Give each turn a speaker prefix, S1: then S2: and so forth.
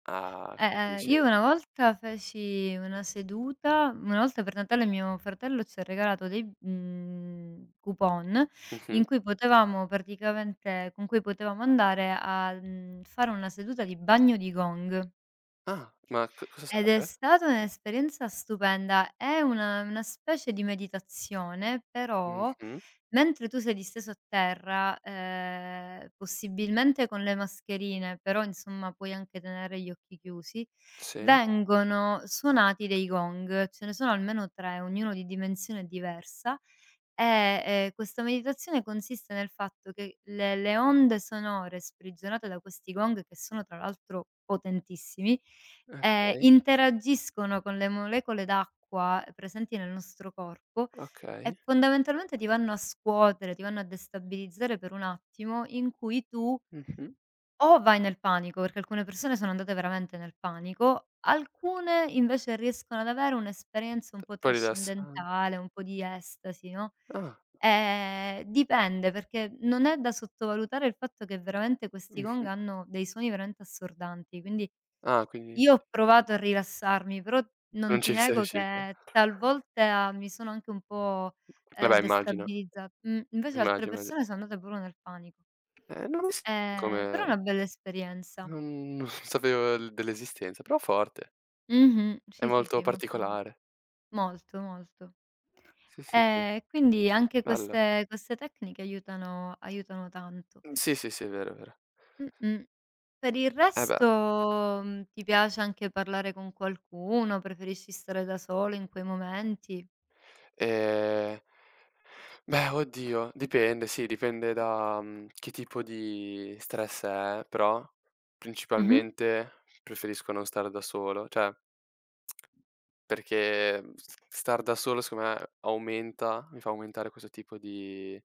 S1: Ah
S2: E ehm, io
S1: [unintelligible]
S2: una volta feci una seduta una volta per Natale mio fratello ci ha regalato dei, mhmm, coupon
S1: Mh-mh.
S2: in cui potevamo praticamente con cui potevamo andare al, mhmm, fare una seduta di bagno di gong.
S1: Ah ma c cosa
S2: Ed è
S1: sarebbe?
S2: stata un'esperienza stupenda. È una una specie di meditazione però,
S1: Mh-mh.
S2: mentre tu sei disteso a terra, ehm, possibilmente con le mascherine, però insomma puoi anche tenere gli occhi chiusi,
S1: Sì.
S2: vengono suonati dei gong, ce ne sono almeno 3 ognuno di dimensione diversa; ehm, e questa meditazione consiste nel fatto che le le onde sonore sprigionate da questi gong, che sono tra l'altro potentissimi,
S1: Eh,
S2: ehm,
S1: okay.
S2: interagiscono con le molecole d'acqua presenti nel nostro corpo e
S1: Okay.
S2: fondamentalmente ti vanno a scuotere, ti vanno a destabilizzare per un attimo in cui tu
S1: Mh-mh.
S2: o vai nel panico, perché alcune persone sono andate veramente nel panico, alcune invece riescono ad avere un'esperienza
S1: T
S2: un po'
S1: poi rilassan
S2: trascendentale, un po' di estasi, no?
S1: Ah.
S2: Ehm, dipende perché non è da sottovalutare il fatto che veramente questi gong
S1: Mh-mh.
S2: hanno dei suoni veramente assordanti, quindi
S1: Ah quindi
S2: io ho provato a rilassarmi, però non
S1: Non ci
S2: ti
S1: sei
S2: nego
S1: riuscita.
S2: che talvolta mi sono anche un po', ehm,
S1: Vabbè immagino.
S2: destabilizza mhmm, invece altre
S1: Immagino.
S2: persone sono andate pure nel panic
S1: Eh non lo s
S2: Ehm, però è
S1: come
S2: una bella esperienza.
S1: Non non sapevo l dell'esistenza, però forte.
S2: Mh-mh,
S1: È
S2: sì, sì,
S1: molto
S2: sì, molto
S1: particolare.
S2: molto, molto.
S1: Sì, sì, sì.
S2: Ehm, e quindi anche
S1: Bello.
S2: queste queste tecniche aiutano aiutano tanto.
S1: Mh, sì sì sì, è vero, è vero.
S2: Mh, mh. Per il
S1: Eh beh.
S2: resto, mhmm, ti piace anche parlare con qualcuno? Preferisci stare da solo in quei momenti?
S1: Ehm Beh oddio, dipende sì dipende da, mhmm, che tipo di stress è, però
S2: Mh-mh.
S1: principalmente preferisco non stare da solo cioè, perché mhmm, s star da solo secondo me aumenta mi fa aumentare questo tipo di